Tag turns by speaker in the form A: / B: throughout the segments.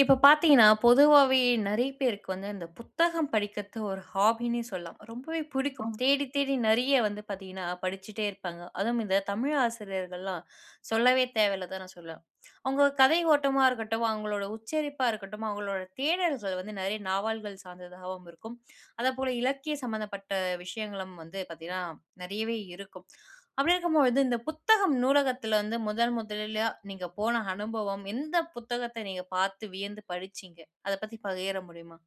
A: இப்போ பார்த்தீங்கன்னா, பொதுவாவே நெறைய பேருக்கு வந்து இந்த புத்தகம் படிக்கிறது ஒரு ஹாபின்னே சொல்லலாம். ரொம்பவே பிடிக்கும்.
B: ஆம்.
A: தேடி தேடி நெறைய வந்து பார்த்தீங்கன்னா படிச்சிட்டே இருப்பாங்க. அதுவும் இந்த தமிழ் ஆசிரியர்கள்லாம் சொல்லவே தேவையில்ல தான் நான் சொல்லுவேன். அவங்க கதை ஓட்டமா இருக்கட்டும், அவங்களோட உச்சரிப்பா இருக்கட்டும், அவங்களோட தேடல்கள் வந்து நெறைய நாவல்கள் சார்ந்ததாகவும் இருக்கும். அதேபோல இலக்கியம் சம்மந்தப்பட்ட விஷயங்களும் வந்து பார்த்தீங்கன்னா, நிறையவே இருக்கும். அப்படி இருக்கும் போது வந்து இந்த புத்தகம் நூலகத்தில வந்து முதன் முதல்ல நீங்க போன அனுபவம், எந்த புத்தகத்த நீங்க பார்த்து வியந்து படிச்சீங்க? அத பத்தி பகிர முடியுமா?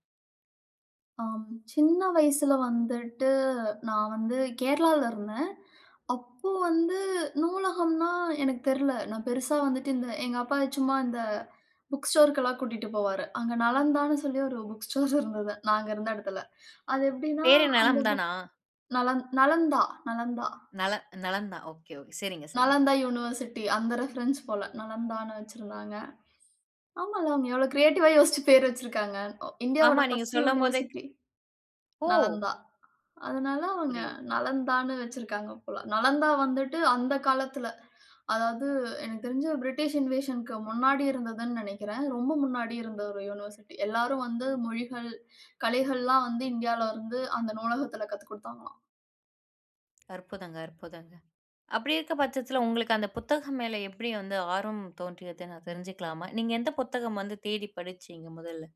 B: ஆம். சின்ன வயசுல வந்துட்டு நான் வந்து கேரளால இருந்தேன். அப்போ வந்து நூலகம்ன்னா, எனக்குத் தெர்ல. நான் பெருசா வந்துட்டு இந்த எங்க அப்பா சும்மா இந்த புக் ஸ்டோர்க்கு எல்லாம் கூட்டிட்டு போவாரு. அங்கே நலந்தான்னு சொல்லி ஒரு புக் ஸ்டோர் இருந்தது, நாங்க இருந்த இடத்தில. அது எப்படின்னா
A: பெரே
B: அந்த
A: நலம்
B: புக்
A: தானா?
B: நலந் நலந்தா நலந்தா.
A: நல நலம் தான். Okay, okay. சரிங்க, சரிங்க.
B: நலந்தா யுனிவர்சிட்டி அந்த ரெஃபரன்ஸ் போல. நலந்தான்னு வச்சிருந்தாங்க. ஆமா. அவங்க எவ்வளோ கிரியேட்டிவ்வா யோசிச்சு பேர் வச்சிருக்கிறாங்க.
A: ஆமா.
B: இந்தியாவோட
A: நீங்க
B: பர்ஸ்ட்
A: சொல்லும்போதே
B: யுனிவர்சிட்டி.
A: ஓ!
B: நலந்தா. அதனால அவங்க
A: புரியுது.
B: நலந்தான்னு வச்சிருக்கங்க போல. நலந்தா வந்துட்டு அந்த காலத்தில அதாவது எனக்கு தெரிஞ்சு பிரிட்டிஷ் இன்வேஷன்க்கு முன்னாடி இருந்ததுன்னு நினைக்கிறேன். ரொம்ப முன்னாடி இருந்த ஒரு யுனிவர்சிட்டி எல்லாரும் வந்து மொழிகள் கலைகள்லாம் வந்து இந்தியாவில இருந்து அந்த நூலகத்தில கத்துக்கொடுத்தாங்களாம்.
A: அற்புதங்க, அற்புதங்க. அப்படி இருக்க பட்சத்தில உங்களுக்கு அந்த புத்தகம் மேல எப்படி வந்து ஆர்வம் தோன்றியது. நான் தெரிஞ்சுக்கலாமா? நீங்க எந்த புத்தகம் வந்து தேடி படிச்சீங்க முதல்ல?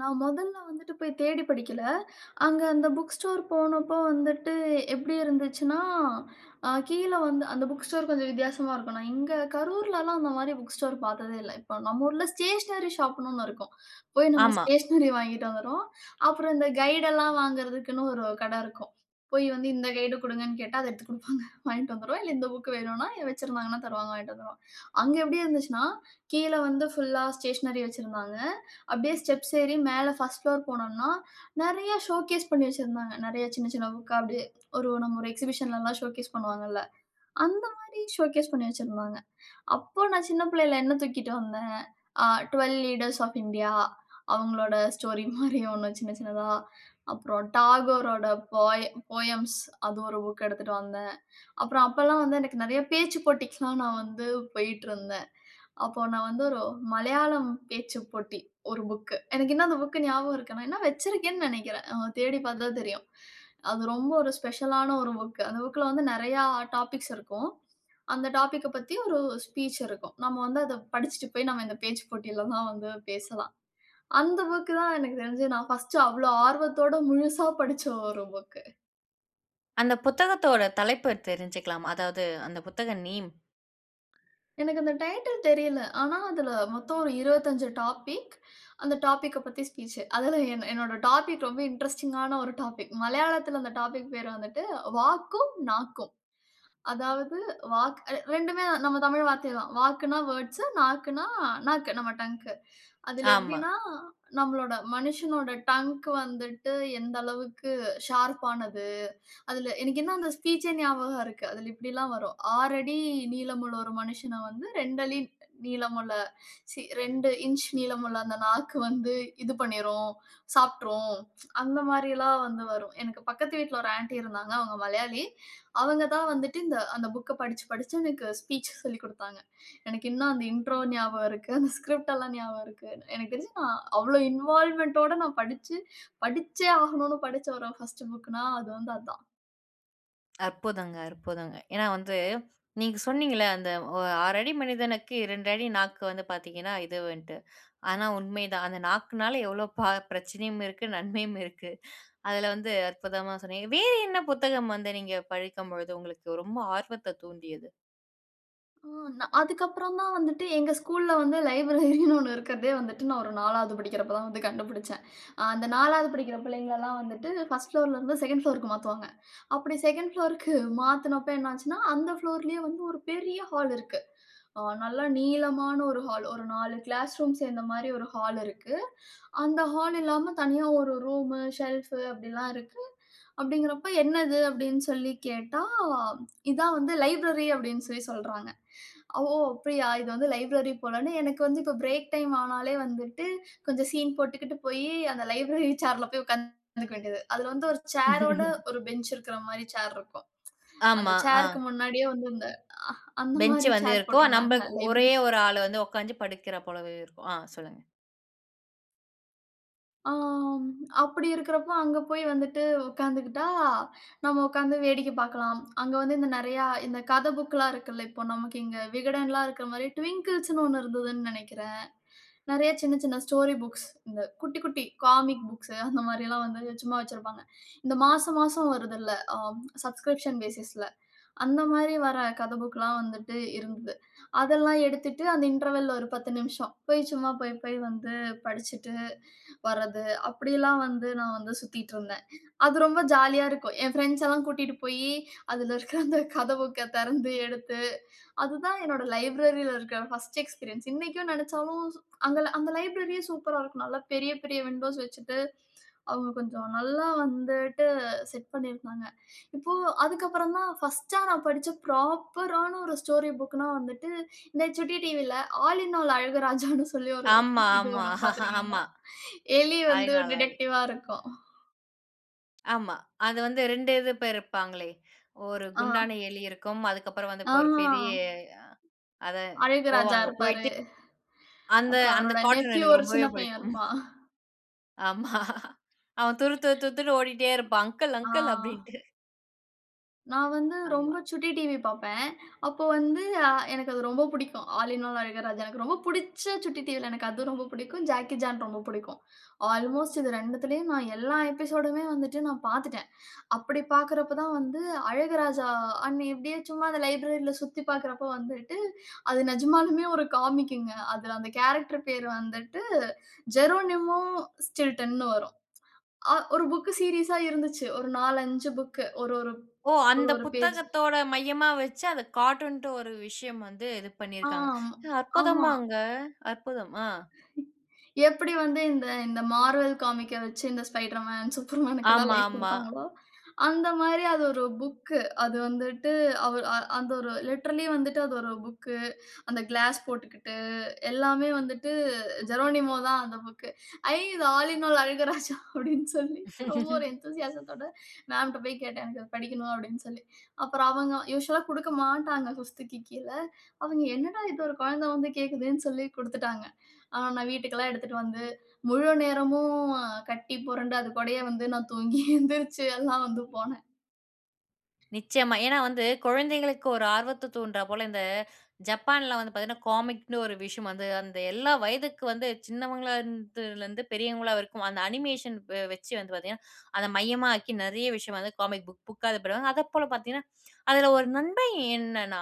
B: நான் மொதல்ல வந்துட்டு போய் தேடி படிக்கல. அங்க அந்த புக் ஸ்டோர் போனப்போ வந்துட்டு எப்படி இருந்துச்சுன்னா, அ கீழ வந்து, அந்த புக் ஸ்டோர் கொஞ்சம் வித்தியாசமா இருக்கும். நான் இங்க கரூர்லலாம் அந்தமாரி புக் ஸ்டோர் பார்த்ததே இல்ல. இப்ப நம்ம ஊர்ல ஸ்டேஷனரி ஷாப்ன்னு ஒண்ணு இருக்கும். போய் நம்ம
A: ஆமா.
B: ஸ்டேஷனரி வாங்கிக்கிட்டு வந்துருவோம். அப்புறம் இந்த கைடுலாம் வாங்குறதுக்குன்னு ஒரு கட இருக்கும். போய் வந்து இந்த கைடு குடுங்கன்னு கேட்டா, அத எடுத்துக் குடுப்பாங்க வாங்கிட்டு வந்துருவோம். இல்ல இந்த புக் வேணுனா, வச்சிருந்தாங்கன்னா தருவாங்க. வாங்கிட்டு வந்துருவோம். அங்க எப்படி இருந்துச்சுன்னா, கீழ வந்து ஃபுல்லா ஸ்டேஷனரி வச்சிருந்தாங்க. அப்படியே ஸ்டெப்ஸ் ஏறி மேல 1 புளோர் போனோன்னா, நெறைய ஷோகேஸ் பண்ணி வச்சிருந்தாங்க. நெறைய சின்ன, சின்ன புக்கா அப்டியே ஒரு நம்ம ஒரு எக்ஸிபிஷன்லலாம் ஷோகேஸ் பண்ணுவாங்கல்ல. அந்தமாரி ஷோகேஸ் பண்ணி வச்சிருந்தாங்க. அப்போ நான் சின்ன பிள்ளையில என்ன தூக்கிட்டு வந்தேன். The Twelve Leaders Of India அவுங்களோட ஸ்டோரிமாரி ஒன்னு சின்ன சின்னதா. அப்புறம் Tagoreரோட போய ஃபோயம்ஸ் அது ஒரு புக் எடுத்துட்டு வந்தேன். அப்புறம் அப்பல்லாம் வந்து எனக்கு நெறைய பேச்சுப் போட்டிக்குலாம் நான் வந்து போயிட்டு இருந்தேன். அப்போ நான் வந்து ஒரு மலையாளம் பேச்சு போட்டி, ஒரு புக்கு. எனக்கு இன்னும் அந்த புக் ஞாபகம் இருக்கு. நான் இன்னும் வச்சிருக்கேன்னு நெனைக்கிறேன். தேடி பார்த்து தான் தெரியும். அது ரொம்ப ஒரு ஸ்பெஷல் ஆன ஒரு புக்கு. அந்த புக்ல வந்து நெறைய டாபிக்ஸ் இருக்கும். அந்த டாபிக்க பத்தி ஒரு ஸ்பீச் இருக்கும். நம்ம வந்து அத படிச்சிட்டு போய் நம்ம இந்த பேச்சுப் போட்டிலலாம் வந்து பேசலாம். அந்த புக் தான் எனக்கு தெரிஞ்சு நான் 1 அவ்ளோ ஆர்வத்தோட முழுசா படிச்ச ஒரு புக்கு.
A: அந்த புத்தகத்தோட தலைப்ப தெரிஞ்சுக்கலாமா? அதாவது அந்த புத்தகம் நேம்.
B: எனக்கு அந்த டைட்டில் தெரியல. ஆனா அதுல மொத்தம் ஒரு 25 டாபிக். அந்த டாபிக்க பத்தி ஸ்பீச். அதுல எ என்னோட டாபிக் ரொம்ப இன்ட்ரஸ்டிங்கான ஒரு டாபிக். மலையாளத்ல அந்த டாபிக் பேரு வந்துட்டு, வாக்கும் நாக்கும். அதாவது வாக்கு 2 நம்ம தமிழ் வார்த்தை தான். வாக்குன்னா வேர்ட்ஸ், நாக்குன்னா நாக்கு நம்ம டங்க்கு. அதுல
A: ஆமா.
B: எப்டின்னா, நம்மளோட மனுஷனோட டங்க் வந்துட்டு, எந்த அளவுக்கு ஷார்ப்பானது. அதுல எனக்கு என்ன அந்த ஸ்பீச்சே ஞாபகம் இருக்கு. அதுல இப்டில்லாம் வரும். 6 அடி நீளமுள்ள ஒரு மனுசன வந்து 2 அடி நீளமுள்ள சீ 2 இஞ்ச் நீளமுள்ள அந்த நாக்கு வந்து இது பண்ணிரும். சாப்ட்ரும். அந்த மாரில்லாம் வந்து வரும். எனக்கு பக்கத்து வீட்ல ஒரு ஆண்டி இருந்தாங்க. அவங்க மலையாளி. அவங்க தான் வந்துட்டு, அந்த புக்க படிச்சு படிச்சு எனக்கு ஸ்பீச் சொல்லிக் குடுத்தாங்க. எனக்கு இன்னும் அந்த இண்ட்ரோ ஞாபகம் இருக்கு. அந்த ஸ்கிரிப்ட்லாம் ஞாபகம் இருக்கு. எனக்கு தெரிஞ்சு நான் அவ்வளவு இன்வால்வ்மென்ட்டோட நான் படிச்சு, படிச்சே ஆகனும்ன்னு படிச்ச ஒரு 1 புக்குன்னா அது வந்து அதான்.
A: அற்புதங்க, அற்புதங்க! ஏன்னா வந்து நீங்க சொன்னீங்கல்ல, அந்த ஒ 6 அடி மனிதனுக்கு 2 அடி நாக்கு வந்து பாத்தீங்கன்னா இதுவுன்ட்டு. ஆனா, உண்மைதான். அந்த நாக்குனால எவ்ளோ பா பிரச்சனையும் இருக்கு, நன்மையும் இருக்கு. அதுல வந்து அற்புதமா சொன்னீங்க. வேற என்ன புத்தகம் வந்து நீங்க படிக்கும்பொழுது உங்களுக்கு ரொம்ப ஆர்வத்த தூண்டியது.
B: ஓ! நா அதுக்கப்புறம் தான் வந்துட்டு எங்க ஸ்கூல்ல வந்து லைப்ரரின்னு ஒண்ணு இருக்கறதே வந்துட்டு நான் ஒரு 4வது படிக்கிறப்ப தான் வந்து கண்டுபிடிச்சேன். அ அந்த 4வது படிக்கிற பிள்ளைங்களல்லாம் வந்துட்டு 1 புளோர்லருந்து 2ன்ட் புளோர்க்கு மாத்துவாங்க. அப்படி 2ன்ட் ஃபுளோருக்கு மாத்துனப்போ என்ன ஆச்சுன்னா, அந்த புளோர்லயே வந்து ஒரு பெரிய ஹால் இருக்கு. அ நல்லா நீளமான ஒரு ஹால். ஒரு 4 கிளாஸ் ரூம் சேந்த மாரி ஒரு ஹால் இருக்கு. அந்த ஹால் இல்லாம தனியா ஒரு ரூமு, ஷெல்ஃபு அப்டில்லாம் இருக்கு. அப்டிங்கிறப்போ "என்னது?" அப்டின்னு சொல்லி கேட்டா? "இதான் வந்து லைப்ரரி" அப்டின்னு சொல்லி சொல்றாங்க. ஓ! அப்படியா இது வந்து லைப்ரரி போலன்னு எனக்கு வந்து இப்போ பிரேக் டைம் ஆனாலே வந்துட்டு கொஞ்சம் சீன் போட்டுகிட்டு போயி அந்த லைப்ரரி சேர்ல போய் உக்காந்துக்க வேண்டியது. அதுல வந்து ஒரு சேரோட ஒரு பெஞ்ச் இருக்குற மாரி சேர் இருக்கும். அந்த
A: ஆமா.
B: சேர்க்கு
A: ஆ.
B: முன்னாடியே வந்து அந்த அஹ் அந்த
A: பெஞ்ச்
B: மாரி
A: வந்து
B: சேர்
A: இருக்கும்.
B: போட்ருந்தாங்க
A: நம்பள்க் ஒரே
B: லைப்ரரி.
A: ஒரு ஆளு வந்து உக்காஞ்சி படிக்கிற போலவே இருக்கும் ஆ சொல்லுங்க.
B: ஆம். அப்பிடி இருக்கிறப்ப அங்க போய் வந்துட்டு உட்கார்ந்துக்கிட்டா, நம்ம உட்கார்ந்து வேடிக்கை பார்க்கலாம். அங்க வந்து இந்த நிறையா இந்த கத புக்லாம் இருக்குல்ல. இப்ப நமக்கு இங்கு விகடன்லாம் இருக்கிறமாரி ட்விங்கிள்ஸ்ன்னு ஒண்ணு இருந்ததுன்னு நினைக்கிறேன். நிறைய சின்ன, சின்ன ஸ்டோரி புக்ஸ். இந்த குட்டி, குட்டி காமிக் புக்ஸ் அந்தமாரி எல்லாம் வந்து சும்மா வச்சிருப்பாங்க. இந்த மாசம், மாசம் வருதுல்ல. ஆம், சப்ஸ்கிரிப்ஷன் ஃபேசிஸ்ல. அந்தமாரி வர்ற கத புக்லாம் வந்துட்டு இருந்தது. அதெல்லாம் எடுத்துட்டு அந்த இன்டர்வல்ல ஒரு 10 நிமிஷம். போய் சும்மா போய், போய் வந்து படிச்சிட்டு, வர்றது அப்படியெல்லாம் வந்து நான் வந்து சுத்திட்டு இருந்தேன். அது ரொம்ப ஜாலியா இருக்கும். என் ஃபிரெண்ட்ஸ் எல்லாம் கூட்டிட்டுப் போயி அதில இருக்க அந்த கத புக்க திறந்து எடுத்து, அதுதான் என்னுடைய லைப்ரரில இருக்க 1 எக்ஸ்பீரியன்ஸ். இன்னக்கும் நினச்சாலும் அந்த, அந்த லைப்ரரியே சூப்பரா இருக்கும். நல்ல பெரிய, பெரிய விண்டோஸ் வச்சுட்டு, அவுங்க கொஞ்சம் நல்லா வந்துட்டு செட் பண்ணியிருப்பாங்க. இப்போ அதுக்கப்புறம் தான் 1டா நான் படிச்ச ஃப்ராப்பரான ஒரு ஸ்டோரி புக்னா வந்துட்டு இந்த சுட்டி டிவில ஆல் இன் ஆல் அழகு ராஜான்னு சொல்லி ஒரு
A: ஆமா,
B: இது
A: ஆமா.
B: வரும்
A: ஆமா.
B: பார்த்திருக்கீங்களா? எலி
A: ஆல்
B: வந்து
A: இன் ஆல் அழகு.
B: டிடெக்டிவா இருக்கும்.
A: ஆமா. அது வந்து 2 இது இப்போ இருப்பாங்களே, ஒரு
B: ஆ.
A: குண்டான எலி இருக்கும். அதுக்கப்புறம் வந்து
B: ஆ.
A: இப்போ ஒரு பெரிய அத
B: அழகு ராஜா
A: போவாங்க,
B: இருப்பாரு
A: போயிட்டு அந்த
B: அப்புறம்
A: அந்த
B: அவரோட
A: கார்ட்டூன்
B: நெப்யூ
A: எனக்கு
B: ஒரு
A: ரொம்பவே
B: சின்ன பையன்
A: பிடிக்கும்.
B: இருப்பான்.
A: ஆமா. அவன் துரு துருதுருன்ட்டு ஓடிட்டே இருப்பான். "அங்கிள்,
B: ஆ.
A: அங்கிள்!" அப்படின்ட்டு.
B: நான் வந்து
A: ஆமா.
B: ரொம்ப சுட்டி டிவி பார்ப்பேன். அப்போ வந்து, அ எனக்கு அது ரொம்ப பிடிக்கும். All in all Azhaguraja. எனக்கு ரொம்ப பிடிச்ச சுட்டி டிவியில எனக்கு அது ரொம்ப பிடிக்கும். ஜாக்கி சான் ரொம்ப பிடிக்கும். அல்மோஸ்ட் இது 2திலியும் நான் எல்லா எபிசோடுமே வந்துட்டு நான் பாத்துட்டேன். அப்படி பாக்கறப்ப தான் வந்து அழகுராஜா, அ [unintelligible] எப்படியோ சும்மா அந்த லைப்ரரில சுத்திப் பாக்கிறப்போ வந்துட்டு, அது நிஜமாலுமே ஒரு காமிக்குங்க. அதில அந்த கேரக்டர் பெயர் வந்துட்டு ஜெரோனிமோ ஸ்டில்டன்னு வரும். ஒரு புக் சீரியஸ்சா இருந்துச்சு. ஒரு 4 -5 புக்கு ஒரு ஒரு-
A: ஓ!
B: ஒரு-
A: அந்த
B: ஒரு பேஜ்.
A: புத்தகத்தோட மையமா வச்சு, அத கார்ட்டூன்ட்டு ஒரு விஷயம் வந்து இது பண்ணியிருக்கறாங்க.
B: ஆம். ஆமா.
A: அற்புதமாங்க, அற்புதம்! ஆ.
B: எப்படி வந்து இந்த இந்த மார்வெல் காமிக்க வச்சு இந்த ஸ்பைடர் மேன், சூப்பர்மேன்க்குல்லாம்
A: ஆமா,
B: லைஃப்
A: ஆமா.
B: கொடுத்தாங்களோ, அந்த மாதிரி அது ஒரு புக்கு. அது வந்துட்டு, அவரு அந்த ஒரு லிட்டர்லி வந்துட்டு அது ஒரு புக்கு, அந்த கிளாஸ் போட்டுக்கிட்டு எல்லாமே வந்துட்டு ஜெரோனிமோ தான். அந்த புக்கு. ஐ! இது ஆல் இன் ஆல் அழகுராஜா அப்படின்னு. சொல்லி ரொம்ப ஒரு என்தூசியாசத்தோட மேம் கிட்ட போய் கேட்டேன். "எனக்கு அதை படிக்கணும்" அப்படின்னு சொல்லி. அப்புறம் அவங்க யூசுவல்லா குடுக்க மாட்டாங்க 5க்கு கீழ. அவங்க என்னடா இது ஒரு குழந்தை வந்து கேக்குதுன்னு சொல்லி குடுத்துட்டாங்க. ஆ நான் வீட்டுக்கு எல்லாம் எடுத்துட்டு வந்து, முழு நேரமும் கட்டி புரண்டு, அது கூடயே வந்து நான் தூங்கி எழுந்திரிச்சு எல்லாம் வந்து போனேன்.
A: நிச்சயமா. ஏன்னா வந்து குழந்தைகளுக்கு ஒரு ஆர்வத்தை தூண்ட்றா போல, இந்த ஜப்பான்ல வந்து பார்த்தீங்கன்னா காமிக்னு ஒரு விஷயம் வந்து, அந்த எல்லா வயதுக்கு வந்து சின்னவங்களா இருந்துலருந்து பெரியவங்களா வரைக்கு, அந்த அனிமேஷன் வச்சு வந்து பார்த்தீங்கனா அத மையமா ஆக்கி நெறைய விஷயம் வந்து காமிக் புக் புக் இது பண்ணுவாங்க. அதப்போல பார்த்தீங்கன்னா, அதில ஒரு நன்மை என்னன்னா,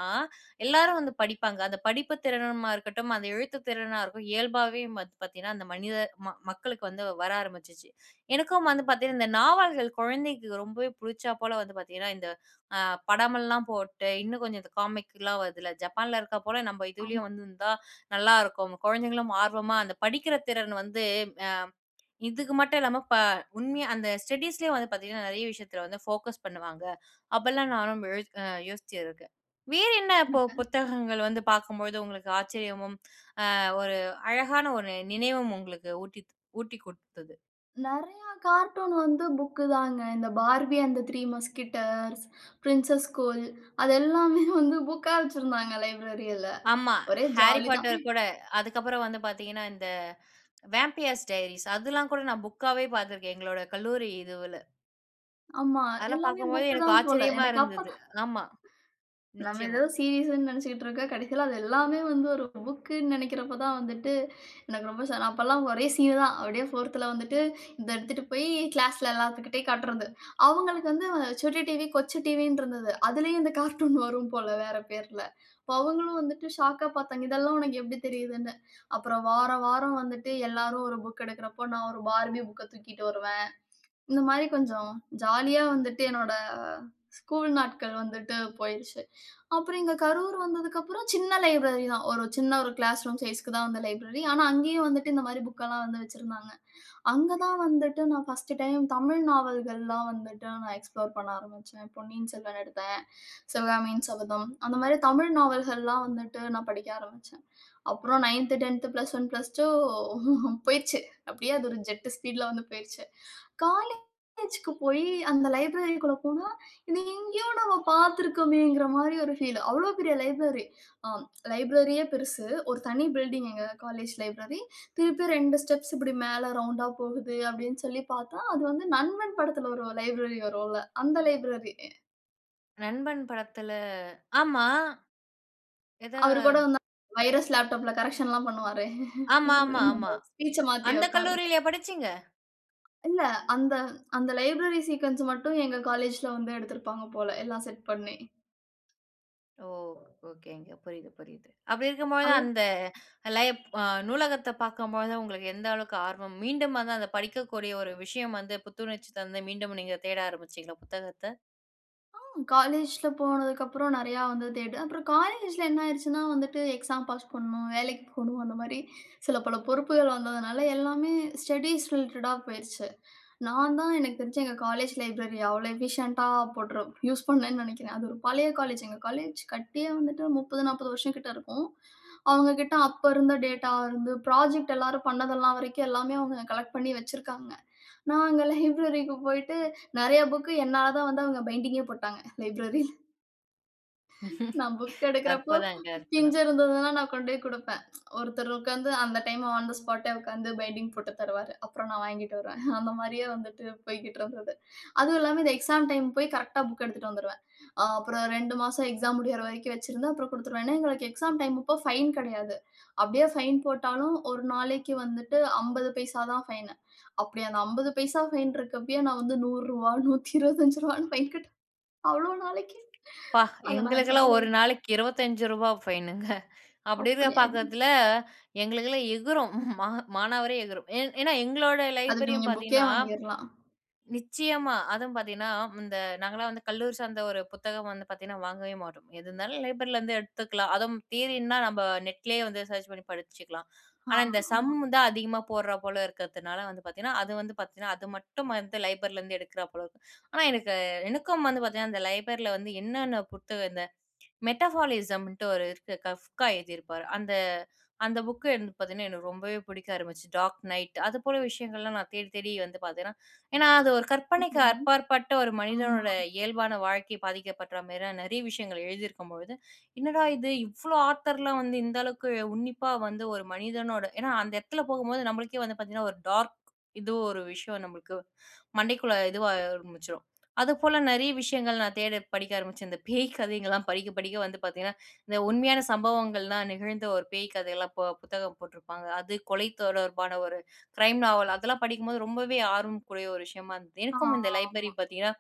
A: எல்லாரும் வந்து படிப்பாங்க. அந்த படிப்பு திறனா இருக்கட்டும், அந்த எழுத்து திறனாக இருக்கட்டும், இயல்பாகவே பாத் பார்த்தீங்கன்னா அந்த மனித மக்களுக்கு வந்து வர ஆரம்பிச்சிச்சு.எனக்கும் வந்து பார்த்தீங்கன்னா இந்த நாவல்கள் குழந்தைக்கு ரொம்பவே பிடிச்சா போல, வந்து பார்த்தீங்கன்னா இந்த அ படமெல்லாம் போட்டு, இன்னு கொஞ்சம் இந்த காமிக்கலா வருதுல்ல, ஜப்பான்ல இருக்கா போல நம்ம
B: ஆமா.
A: இதுலேயும் வந்துருந்தா நல்லாயிருக்கும். குழந்தைங்களும் ஆர்வமா அந்த படிக்கிற திறன் வந்து அ இதுக்கு மட்டும் இல்லாம ப உண்மையா அந்த ஸ்டடீஸ்லேயும் வந்து பார்த்தீங்கன்னா நெறைய விஷயத்தில வந்து போகஸ் பண்ணுவாங்க. அப்பலா நானும் யோசி யோசிச்சிருக்கேன். வேறு என்ன இப்போ
B: எனக்கா?
A: புத்தகங்கள் வந்து பார்க்கும்போது உங்களுக்கு ஆச்சரியமும் ஆ ஒரு அழகான ஒரு நினைவும் உங்களுக்கு ஊட்டி ஊட்டி குடுத்தது?
B: நெறைய கார்ட்டூன் வந்து புக் தான். இந்த barbie and three mosquitoes princess school அது எல்லாமே வந்து புக்கா வச்சிருந்தாங்க லைப்ரரில
A: ஆமா,
B: ஒரே
A: ஹாரி
B: ஜாலி தான்.
A: பாட்டர் கூட, அதுக்கு அப்புறம் வந்து பாத்தீங்கன்னா, இந்த வேம்பியர்ஸ் டைரீஸ் அதெல்லாம் கூட நா புக் ஆவே பாத்துருக்கேன், எங்களோட கல்லூரி இதுவுல.
B: ஆமா.
A: அதெல்லாம்
B: எல்லாமே
A: பார்க்கும்போது
B: புக்கு
A: எனக்கு
B: தான் போல,
A: ஆச்சரியமா
B: எனக்கு
A: இருந்தது.
B: அப்பதான்.
A: ஆமா,
B: நம்ம ஏதோ
A: நிச்சயமா.
B: சீரிஸ்ன்னு நெனச்சுட்டு இருக்க, கடைசில அது எல்லாமே வந்து ஒரு புக்குன்னு நெனைக்கிறப்ப தான் வந்துட்டு எனக்கு ரொம்ப ச அப்பல்லாம் ஒரே சீன் தான். அப்பிடியே 4த்ல வந்துட்டு இத எடுத்துட்டு போய் கிளாஸ்ல எல்லாத்துக்கிட்டயும் காட்றது அவுங்களுக்கு வந்து சுட்டி டிவி, கொச்சி டிவின்டுருந்தது. அதுலயும் இந்த கார்ட்டூன் வரும் போல வேற பேர்ல அப்ப அவுங்களும் வந்துட்டு ஷாக்கா பார்த்தாங்க. இதெல்லாம் உனக்கு எப்படி தெரியுதுன்னு அப்புறம் வார, வாரம் வந்துட்டு எல்லாரும் ஒரு புக் எடுக்கிறப்போ நான் ஒரு பார்பி புக்க தூக்கிட்டு வருவேன். இந்த மாதிரி கொஞ்சம் ஜாலியா வந்துட்டு என்னுடைய ஸ்கூல் நாட்கள் வந்துட்டு போயிருச்சு அப்புறம் இங்கே கரூர் வந்ததுக்கு அப்புறம் சின்ன லைப்ரரி தான். ஒரு சின்ன ஒரு கிளாஸ் ரூம் சைஸ்க்கு தான் அந்த லைப்ரரி. ஆனா அங்கயும் வந்துட்டு இந்த மாதிரி புக் எல்லாம் வந்து வச்சிருந்தாங்க அங்க தான் வந்துட்டு நான் 1டு டைம் தமிழ் நாவல்கள்லாம் வந்துட்டு நான் எக்ஸ்ப்ளோர் பண்ண ஆரம்பிச்சேன். "பொன்னியின் செல்வன்" எடுத்தேன் சிவகாமியின் சபதம். அந்த மாதிரி தமிழ் நாவல்கள் எல்லாம் வந்துட்டு நான் படிக்க ஆரம்பிச்சேன். அப்புறம் 9 10 பிளஸ் 1 பிளஸ் 2 போயிருச்சு. அப்பிடியே அது ஒரு ஜெட் ஸ்பீட்ல வந்து போயிருச்சு காலேஜ்க்கு போய் அந்த லைப்ரரிக்குள்ள போனா இத எங்கேயோ நம்ம பார்த்திருக்கறோமேங்கிற மாரி ஒரு ஃபீல். அவ்வளவு பெரிய லைப்ரரி ஆ, லைப்ரரியே பெருசு. ஒரு தனி பில்டிங் எங்க காலேஜ் லைப்ரரி திருப்பியும் 2 ஸ்டெப்ஸ் இப்பிடி மேலே ரவுண்ட்டா போகுது அப்பிடின்னு சொல்லி பார்த்தா, அது வந்து "நண்பன்" படத்தில ஒரு லைப்ரரி வருன்ல. அந்த லைப்ரரி.
A: நண்பன் படத்துல, ஆமா. எதோ!
B: அவரு கூட வந்து வைரஸ் லேப்டாப்ல கரெக்ஷன் எல்லாம் பண்ணுவாரே!
A: ஆமா ஆமா ஆமா.
B: ஸ்பீச்ச மாத்தி
A: அந்த
B: வப்பாருல.
A: கல்லூரிலயா படிச்சீங்க?
B: இல்ல. அந்த அந்த லைப்ரரி சீக்கொன்ஸ் மட்டும் எங்க காலேஜ்ல வந்து எடுத்திருப்பாங்க போல. எல்லாம் செட் பண்ணி.
A: ஓ! ஓகேங்க. புரியுது புரியுது. அப்டி இருக்கும்பொழுது தான்
B: நல்
A: அந்த லைப் அ நூலகத்த பார்க்கும்போது உங்களுக்கு எந்த அளவுக்கு ஆர்வம் மீண்டும் வந்து அந்த படிக்கக்கூடிய ஒரு விஷயம் வந்து புத்துணர்ச்சி தந்து மீண்டும் நீங்க தேட ஆரம்பிச்சீங்களா? புத்தகத்த.
B: ஆ காலேஜ்ல போனதுக்கு அப்புறம் நெறையா வந்து தேடு. அப்புறம் காலேஜ்ல என்ன ஆயிருச்சுன்னா வந்துட்டு எக்ஸாம் பாஸ் பண்ணும். வேலைக்கு போணும் அந்தமாரி சில பல பொறுப்புகள் வந்ததுனால எல்லாமே ஸ்டடீஸ் ரிலேட்டடா போயிருச்சு. நான் தான் எனக்கு தெரிஞ்சு எங்க காலேஜ் லைப்ரரிய அவ்ள எஃபிஷியன்ட்டா போட்டுரு யூஸ் பண்ணேன்னு நெனைக்கிறேன் அது ஒரு பழைய காலேஜ். எங்க காலேஜ் கட்டியே வந்துட்டு 30 40 வருஷம் கிட்ட இருக்கும். அவுங்கக்கிட்ட அப்ப இருந்த டேட்டா வந்து புராஜெக்ட் எல்லாரும் பண்ணது எல்லாம் வரைக்கும் எல்லாமே அவுங்க கலெக்ட் பண்ணி வச்சிருக்காங்க. நான் அங்க லைப்ரரிக்கு போயிட்டு நெறைய புக் என்னால தான் வந்து அவுங்க பைண்டிங்கே போட்டாங்க லைப்ரரில நான் புக் எடுக்கிறப்போ,
A: அற்புதங்க,
B: பிஞ்சு
A: அற்புதம்.
B: இருந்ததுன்னா, நான் கொண்டு போய் குடுப்பேன். ஒருத்தர் உட்கார்ந்து அந்த டைம் ஆன் தே ஸ்பாட்டே உட்கார்ந்து பைண்டிங் போட்டு தருவாரு. அப்புறம் நான் வாங்கிட்டு வருவேன். அந்த மாதிரியே வந்துட்டு போய்க்கிட்டு இருந்தது. அதுவும் இல்லாம இந்த எக்ஸாம் டைம் போய் கரெக்ட்டா புக் எடுத்துட்டு வந்துருவேன். ஆ அப்புறம் 2 மாசம் எக்ஸாம் முடியிற வரைக்கும் வச்சிருந்து, அப்புறம் குடுத்துருவேன். ஏன்னா எங்களுக்கு எக்ஸாம் டைம் அப்போ ஃபைன் கிடையாது. அப்டியே ஃபைன் போட்டாலும் ஒரு நாளைக்கு வந்துட்டு 50 பைசா தான் ஃபைன். அப்டி அந்த 50 பைசா ஃபைன் இருக்கப்பயே நான் வந்து 100 ரூவா 125 ரூவானு ஃபைன் கட்ட அவ்ளோ
A: அப்பா!
B: நாளைக்கு.அத நான்
A: எங்களுக்கெல்லாம்
B: கையில
A: ஒரு
B: வச்சு.
A: நாளைக்கு 25 ரூபா ஃபைனுங்க அப்டி இருக்க
B: அப்டியாது.
A: பாக்கத்துல எங்களுக்கெல்லாம் எகுரும் மா மானாவாரியா எகுரும். ஏ ஏன்னா எங்களோட
B: அதுக்கு
A: லைப்ரரியும்
B: நீங்க புக்கே
A: பார்த்தீங்கன்னா
B: வாங்கிர்லாம்.
A: நிச்சயமா அதுவும் பார்த்தீங்கன்னா, இந்த நாங்கலாம் வந்து கல்லூரி சார்ந்த ஒரு புத்தகம் வந்து பார்த்தீங்கன்னா வாங்கவே மாட்டோம். எது இருந்தாலும் லைப்ரரில இருந்து எடுத்துக்கலாம். அதுவும் தியரின்னா நம்ம Net லயே வந்து சர்ச் பண்ணி படிச்சுக்கலாம்.
B: ஆ
A: ஆனா, இந்த சம்
B: ஆமா.
A: தான் அதிகமா போட்றா போல இருக்கிறதுனால வந்து பார்த்தீங்கன்னா, அது வந்து பார்த்தீங்கன்னா, அது மட்டும் வந்து லைப்ரரிலருந்து எடுக்கிறாப் போல இருக்கு. ஆனா, எனக்கு எனக்கும் வந்து பார்த்தீங்கன்னா, அந்த லைப்ரரில வந்து என்னென்ன புத்தகம் இந்த மெட்டபாலிசம்ன்ட்டு ஒரு இருக்கு. Kafka எழுதியிருப்பாரு. அந்த அந்த புக்கு வந்து பார்த்தீங்கன்னா எனக்கு ரொம்பவே பிடிக்க ஆரம்பிச்சு, Dark Night அது போல விஷயங்கள்லாம் நான் தேடி தேடி வந்து பார்த்தீங்கன்னா, ஏன்னா அது ஒரு கற்பனைக்கு
B: சூப்பருங்க
A: அபார்பட்ட ஒரு
B: ஆமா.
A: மனிதனோட இயல்பான வாழ்க்கை பாதிக்கப்படுற மாரி நெறைய விஷயங்கள் எழுதியிருக்கும் பொழுது, என்னடா! இது இவ்ளோ ஆத்தர்லாம் வந்து இந்த அளவுக்கு உன்னிப்பா வந்து ஒரு மனிதனோட ஏன்னா அந்த இடத்துல போகும்போது நம்மளுக்கே வந்து பார்த்தீங்கன்னா, ஒரு டார்க் இதுவும் ஒரு விஷயம் நம்மளுக்கு மண்டைக்குள்ள இதுவா ஆரம்பிச்சுரும். அது போல நெறைய விஷயங்கள் நான் தேட படிக்க ஆரம்பிச்சேன். இந்த பேய் கதைகள்லாம் படிக்க படிக்க வந்து பார்த்தீங்கன்னா, இந்த உண்மையான சம்பவங்கள்லாம் நிகழ்ந்த ஒரு பேய் கதைலாம் போ புத்தகம் போட்ருப்பாங்க. அது கொலை தொடர்பான ஒரு கிரைம் நாவல் அதெல்லாம் படிக்கும்போது ரொம்பவே ஆர்வம்க்குரிய ஒரு விஷயமா இருந்தது.
B: ஆ,
A: எனக்கும் இந்த லைப்ரரி
B: ஆமா.
A: பார்த்தீங்கன்னா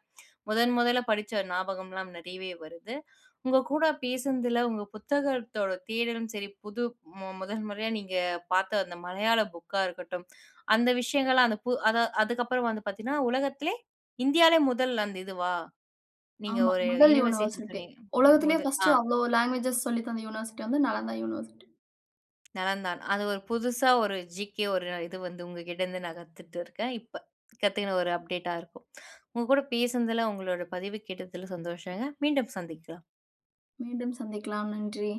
A: முதன் முதல்ல படிச்ச ஞாபகம்லாம் நெறையவே வருது. உங்க கூட பேசுனதுல உங்க புத்தகத்தோட தேடலும் சரி, புது முதல் முறையா நீங்க பார்த்த அந்த மலையாள புக்காக இருக்கட்டும், அந்த விஷயங்கள்லாம் அந்த அது அதுக்கப்புறம் வந்து பார்த்தீங்கன்னா உலகத்திலேயே இந்தியாலே முதல் அந்த இதுவா? நீங்க
B: ஆமா.
A: ஒரு
B: முதல்
A: யூனிவர்சிட்டி
B: University.
A: சொன்னீங்க
B: உலகத்திலேயே
A: முது
B: ஃபர்ஸ்ட்
A: ஆ.
B: அவ்ளோ லாங்குவேஜ்ஸ் சொல்லித்தந்த University வந்து Nalanda University.
A: Naladhan. அது ஒரு புதுசா ஒரு ஜீகே ஒரு இது வந்து உங்ககிட்டருந்து நான் கத்துகிட்டு இருக்கேன் இப்ப. கத்துக்கின ஒரு அப்டேட்டா இருக்கும். உங்க கூட பேசுனதுல உங்களோட பதிவு கேட்டதில சந்தோஷங்க. மீண்டும் சந்திக்கலாம்.
B: மீண்டும் சந்திக்கலாம். நன்றி